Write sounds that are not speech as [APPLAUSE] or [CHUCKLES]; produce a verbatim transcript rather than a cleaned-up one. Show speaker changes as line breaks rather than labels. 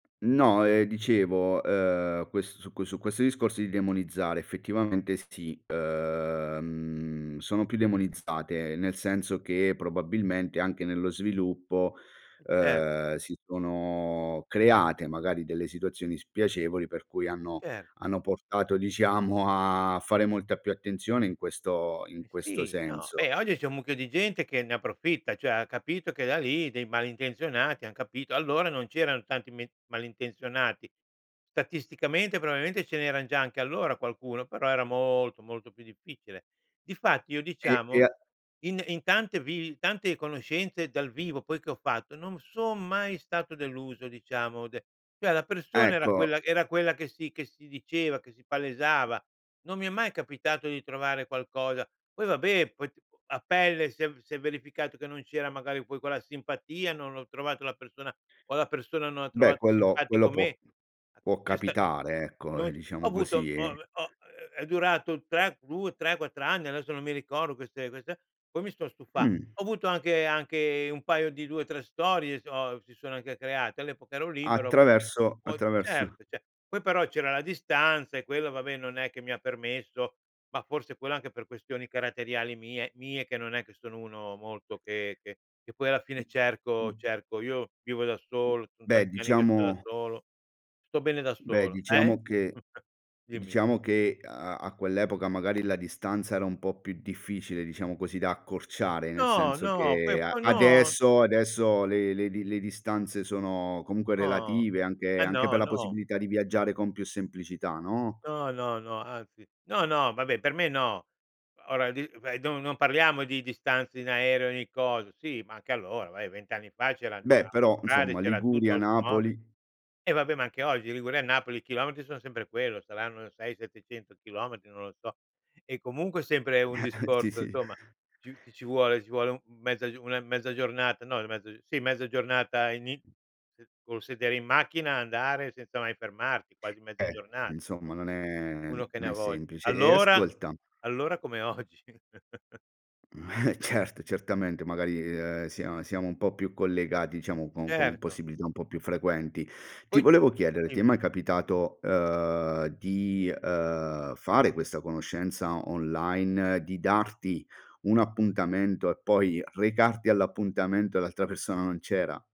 No, ehm, dicevo, uhm, ques su qu su questo discorso di demonizzare, effettivamente, sì, uhm, sono più demonizzate, nel senso che probabilmente, anche nello sviluppo,
Cer
uhm, si sono create magari delle situazioni spiacevoli, per cui hanno
Cer
hanno portato, diciamo, a fare molta più attenzione in questo in
Eh
questo
sì, no,
senso.
beh, oggi c'è un mucchio di gente che ne approfitta, ceh ha capito che da lì dei malintenzionati han capito allora, non c'erano tanti me malintenzionati. tatisticamente, probablemente, ce n'eran già anche allora qualcuno, però era molto, molto più difficile. Difatti, io,
E e
diciamo,
a
in in tante vivi in tante conoscenze dal vivo poi, che ho fatto non son mai stato deluso, diciamo de ceh la persona era
Ecco.
quella era quella che si che si diceva, che si palesava. Non mi è mai capitato di trovare qualcosa poi vabbè poi t u a pelle si è v si è verificato che non c'era magari poi quella simpatia, non ho trovato la persona o la persona non ha
Beh,
trovato
quello
simpatico
quello può
me.
può
C'è sta n
capitare, ecco, ehm,
noi c ho
diciamo
avuto
così,
ho
eh.
ve ho ehm, è durato tre due tre quattr anni, adesso non mi ricordo queste queste e poi mi son stufa
Mh.
ho avuto anche anche un paio di due tre storie s ho si sono anche create. All'epoca ero libero, ho avu
Attraverso
poi
attraverso
cert ce poi però c'era la distanza e quella, vabbè, non è che mi ha permesso ma forse quello, anche per questioni caratteriali mie mie, che non è che sono uno molto che che che poi alla
Mh,
fine cerco
mh.
cerco. Io vivo da
Mh.
solo, son
Beh,
tanti anni che sto da
diciamo
solo, sto bene da
beh,
solo. Eh?
diciamo che
[CHUCKLES] Dimmi.
diciamo che a a a quell'epoca, magari, la distanza era un po' più difficile, diciamo così, da accorciare, nel
No,
senso
no, poi
che a
ma no.
adesso adesso le le di le distanze sono comunque
No.
relative,
Ma,
anche anche per
no,
la
no.
possibilità di viaggiare con più semplicità, no?
No, no, no, anzi; no, no, vabbè, per me, no. Ora di ve do non parliamo di distanze in aereo, ni coso sì, ma anche allora, vai, vent anni fa c'eran
Beh,
c'era
però,
autostrade,
insomma,
c'era tutto,
Liguria,
automobile
Napoli.
eh, vabbè, ma anche oggi, Liguria e Napoli, i chilometri sono sempre quello, saranno sei settecento chilometri, non lo so. E comunque è sempre un
[CHUCKLES] Sì,
discorso
sì.
somma più ti ci vuole ci vuole un mezza una mezza giornata no, mezza uhm, sì, mezza giornata ini eh, col sedere in macchina, andare senza mai fermarti, quasi mezza
Eh,
giornata,
insomma,
nsom.
non è
Uno
n
che ne
non
ha
è
vogl
semplice e
allora,
ascolta
allora come oggi. [CHUCKLES]
Mh, eh, certo, certamente, magari, ehm, sia siamo un po' più collegati, ciamo, con con
Certo.
possibilità un po' più frequenti. Ti
Poi
volevo chiedere: ti è mai
dimmi.
capitato, uhm, di, uhm, fare questa conoscenza online, di darti un appuntamento e poi recarti all'appuntamento e l'altra persona non c'era?